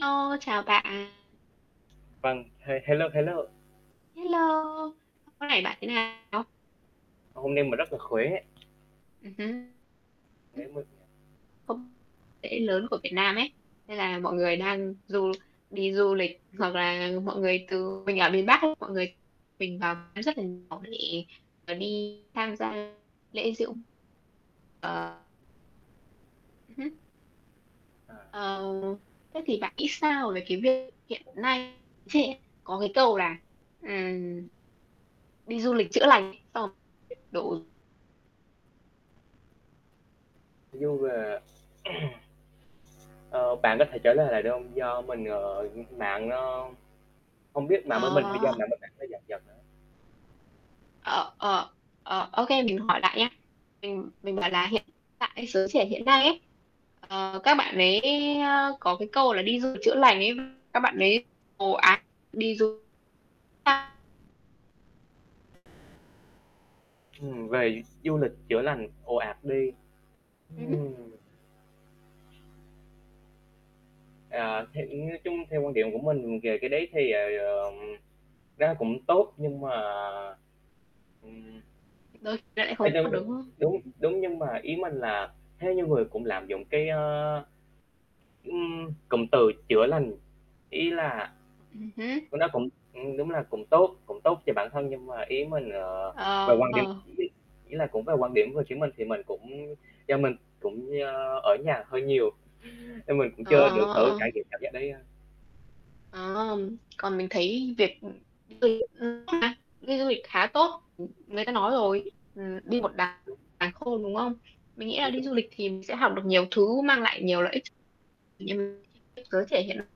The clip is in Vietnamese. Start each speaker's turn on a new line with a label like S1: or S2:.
S1: Hello, chào bạn.
S2: Vâng, he hello, heello.
S1: Hello. Hôm nay bạn thế nào?
S2: Hôm nay mà rất là khỏe.
S1: Ừm hứm.
S2: Nãy
S1: Ừm,
S2: mình
S1: không, lễ lớn của Việt Nam ấy, nên là mọi người đang du đi du lịch hoặc là mọi người từ mình ở miền Bắc ấy, mọi người mình vào rất là nhiều [unintelligible] là đi tham gia lễ diễu ờ. Ừm hứm.
S2: À.
S1: Ờ. Thế thì bạn nghĩ sao về cái việc hiện nay trên có cái câu là, ừm, "Đi du lịch chữa lành" xong rồi đổ
S2: Nói chung là Ờ, bạn có thể trả lời lại được hông? Do mình, ờ, mạng nó hông biết mạng bên mình hay do
S1: À!
S2: mạng bên mạng nó giật giật á.
S1: Ờ, ờ. Ờ, ô kê, mình hỏi lại nhá. Mình mình bảo là hiện tại giới trẻ hiện nay ấy, ờ, các bạn ấy, ơ, có cái câu là "Đi du lịch chữa lành ấy", các bạn ấy ồ ạt đi du xa
S2: Ừ, về du lịch chữa lành ồ ạt đi.
S1: Ừm hứm.
S2: Ừm. À, thì, ưm, nói chung theo quan điểm của mình về cái đấy thì, ờ, ừm, nó cũng tốt, nhưng mà ừm.
S1: Đôi khi lại
S2: Theo
S1: không
S2: như
S1: có, đúng không?
S2: đúng, đúng, nhưng mà ý mình là theo như người cũng lạm dụng cái, a, ưm, cụm từ chữa lành, ý là
S1: Ừm hứm.
S2: nó cũng ừm, đúng là cũng tốt cũng tốt cho bản thân. Nhưng mà ý mình, ờ, về quan điểm
S1: Ờ.
S2: ý là cũng về quan điểm của chính mình thì mình cũng do mình cũng, ơ, ở nhà hơi nhiều, nên mình cũng
S1: Ờ,
S2: chưa được thử
S1: ờ, ờ.
S2: trải nghiệm cảm giác đấy a.
S1: Ờm. Còn mình thấy việc, ừm, đi [unintelligible] đi du lịch khá tốt. Ừm, người ta nói rồi, ừm, đi
S2: Ờ.
S1: một đàng
S2: Đúng
S1: sàng khôn, đúng không? Mình nghĩ là đi
S2: [unintelligible]
S1: du lịch thì mình sẽ học được nhiều thứ mang lại nhiều lợi ích ch như giới trẻ hiện